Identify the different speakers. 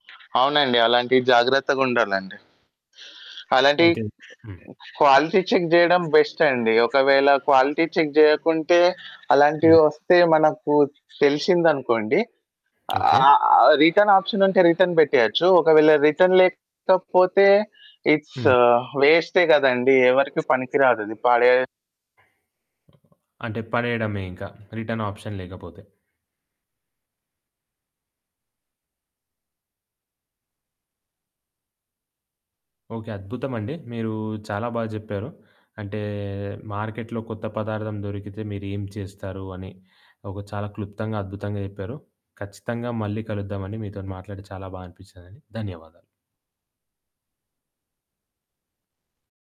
Speaker 1: అవునండి. అలాంటియి జాగ్రత్తగుండాలండి. అలాంటియి
Speaker 2: అయితే హ్మ్.
Speaker 1: క్వాలిటీ చెక్ జెయడం బెస్టండి. ఒకవేళ క్వాలిటీ చెక్ జెయ్యకుంటే,
Speaker 2: హ్మ్.
Speaker 1: అలాంటివే ఒస్తే మనకు తెలిసిందనుకోండి,
Speaker 2: ఓకే.
Speaker 1: ఆహ్, ఆహ్, రిటర్న్ ఆప్షనుంటే, రిటర్న్ పెట్టేయొచ్చు. ఒకవేళ రిటర్న్ లేకపోతే ఇట్స్
Speaker 2: హ్మ్.
Speaker 1: వేస్టే గదండీ. ఎవరికి పనికిరాదది పడే
Speaker 2: అంటే, పడేయడమే ఇంక రిటర్న్ ఆప్షన్ లేకపోతే. ఓకే. అద్భుతమండి. మీరూ చాలా బాగా జెప్పారు. అంటే, మార్కెట్‌లో కొత్త పదార్థం దొరికితే మీరు ఏం చేస్తారు అని, ఒక చాలా క్లుప్తంగా, అద్భుతంగా జెప్పారు. ఖచ్చితంగా మళ్ళీ కలుద్దావండి. మీతోని మాట్లాడి చాలా బా అనిపిచ్చిందండి. ధన్యవాదాలు.